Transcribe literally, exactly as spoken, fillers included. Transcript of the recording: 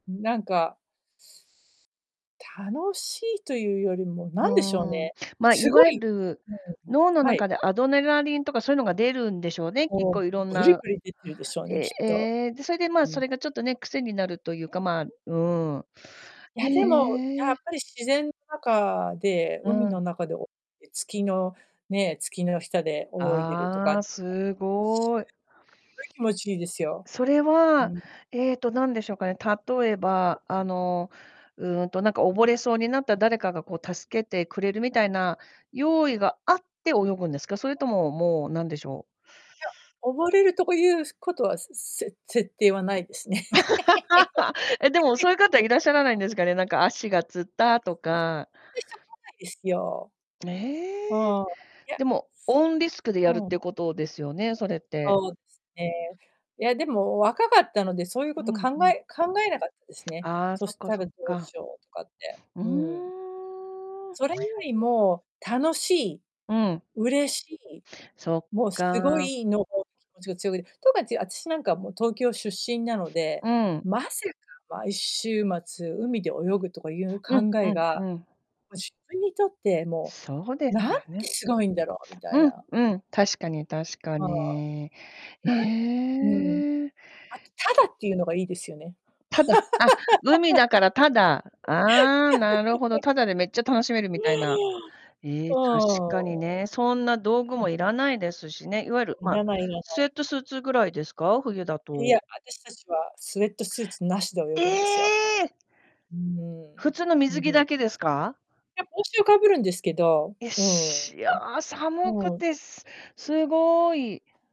うん、なんか、す楽しいというよりも、うなんでしょうーん、ね、ま、いすごわゆいる、うん、脳のはい。中でアドネラリンとかそういうのが出るんでしょうね、きっもう、こう色んぶりなぶり出てるでしょうね、え、きっえと。え、で、それで、うまあ、そん。れがちょっとね、癖になるというか、まあ、うーん。いへや、でも、やっえ。ぱり自然の中で、う海のん。中で、おえ、月のね、月の下で泳いでるとかあが、あ、すしゅうすごい。ごい気持ちいいですよ。それうは、ん。えっと、なんでしょうかね、例えば、あの、うんと、なんか溺れそうになった、誰かが、こう、助けてくれるみたいな用意があって泳ぐんですか？それとも、もう、なんでしょういや、溺れるとこゆうすことは、せせ設定はないですね。え、でも、そういう 方いらっしゃらないんですかね？なんか、足がつったえ、とすかで、しょうがえすよ。うね。ーん、いや。でも、オーンリスクでやるっうん。てことですよね？それって。そうですね。いや、でも若かったので、そういうこうとん考うん。え考えなかったですね。ああ、そそしっかたそらっどうしか。ようとかって。ううーん。ーん。それよりも、楽しい、うん。嬉しい、そっもうすごか。いのを、気持ちが強くて、とかちゅう、あたしなんか、もう、東京出身なので、うん。まさか毎週末海で泳ぐとかいううん考うえんが、うん。も、自分にとってもそうでう、すなんよてね。すごいんだろうみたいうん、な。うん、確かに確かはあ。に。えなんうん。え。あと、タダっていうのがいいですよね。タダ？あ、海だから、タダ。ああ、なるほど、タダでめっちゃ楽しめるまみたいな。えあ！え、確わかにお。ね、そんな、道具うん。も要らないですしね、いわゆる、いま、らないいらなスウェい。ットスーツぐらいですか？冬だいや、と。あたしたちは、スウェットスーツなしで泳えぐんですよ。え！うー普ん、通のう水ん、ふ着だん。けですか？いや、帽子をかぶるんですけど、いや、うん、うしいや、寒くん。うん。て、すすごい。